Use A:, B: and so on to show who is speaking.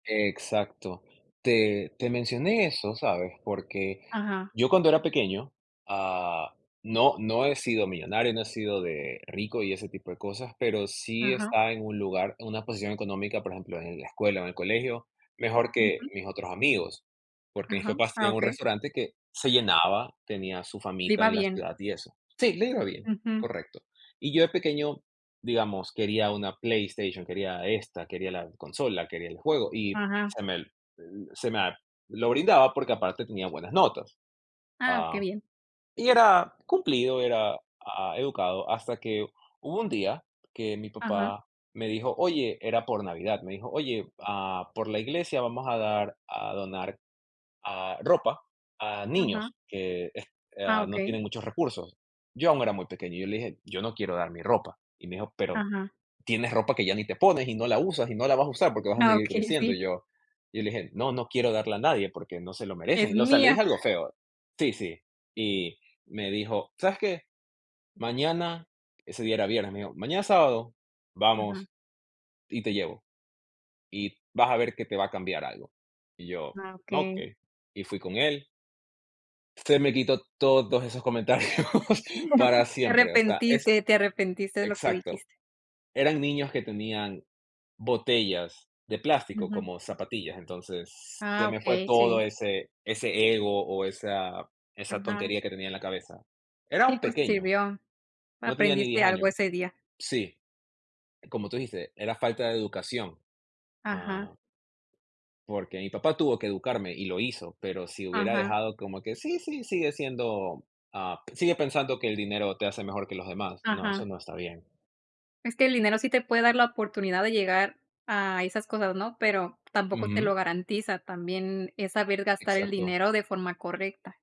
A: Exacto. Te te mencioné eso, ¿sabes?, porque
B: Ajá.
A: yo cuando era pequeño, ah, no no he sido millonario, no he sido de rico y ese tipo de cosas, pero sí
B: Ajá.
A: estaba en un lugar, en una posición económica, por ejemplo, en la escuela o en el colegio, mejor que
B: Ujú.
A: mis otros amigos, porque mis
B: Ajá.
A: papás
B: Ah,
A: tenían un
B: okey.
A: restaurante que se llenaba, tenía su
B: Le
A: famita
B: iba
A: en la
B: bien.
A: ciudad y eso Sí, le iba bien,
B: Ujú.
A: correcto. Y yo, de pequeño, digamos, quería una PlayStation, quería esta, quería la consola, quería el juego y
B: Ajá.
A: se me, eh, se me lo brindaba porque, aparte, tenía buenas notas,
B: Ah, qué
A: ah,
B: bien.
A: y era cumplido, era, ah, educado, hasta que hubo un día que mi
B: Ajá.
A: papá me dijo: "Oye", era por Navidad, me dijo: "Oye, ah, por la iglesia vamos a dar, a donar, ah, ropa a
B: Ajá.
A: niños que es
B: Ah,
A: ah, no
B: okey.
A: tienen muchos recursos". Yo aún era muy pequeño, yo le dije: "Yo no quiero dar mi ropa", y me dijo: "Pero
B: Ajá.
A: tienes ropa que ya ni te pones, y no la usas, y no la vas usar, porque vas a
B: No,
A: seguir
B: okey,
A: creciendo".
B: sí.
A: Y yo yo le dije: "No, no quiero darle a nadie, porque no se lo
B: Es
A: merecen", o sea, le
B: mía.
A: dije algo feo Sí, sí. Y me dijo: "¿Sabes qué? Mañana", ese día era viernes, me dijo: "Mañana, sábado,
B: Ajá.
A: vamos y te llevo, y vas a ver que te va a cambiar algo". Y yo:
B: Ah,
A: "No,
B: okey.
A: que". Y fui con él. Se me quitó todos esos comentarios para
B: Te
A: siempre, o sea, es
B: arrepentiste, te arrepentiste de lo que
A: exacto.
B: dijiste.
A: Eran niños que tenían botellas de plástico,
B: Ujú.
A: como zapatillas, entonces se
B: Ah,
A: me fue
B: okey,
A: todo
B: sí.
A: ese ese ego o esa esa
B: Ajá.
A: tontería que tenía en la cabeza. Era
B: Sí,
A: un
B: pues, te
A: pequeño,
B: sirvió.
A: no tenía ni 10
B: Aprendiste algo
A: años.
B: ese día.
A: Sí, como tú dijiste, era falta de educación,
B: Ajá.
A: ah porque mi papá tuvo que educarme, y lo hizo, pero si hubiera
B: Ajá.
A: dejado como que: "Sí, sí, sigue siendo, ah, sigue pensando que el dinero te hace mejor que los demás". No,
B: Ajá.
A: eso no está bien.
B: Es que el dinero sí te puede dar la oportunidad de llegar a esas cosas, ¿no?, pero tampoco te
A: Ujú.
B: lo garantiza. También es saber gastar el
A: Exacto.
B: dinero de forma correcta.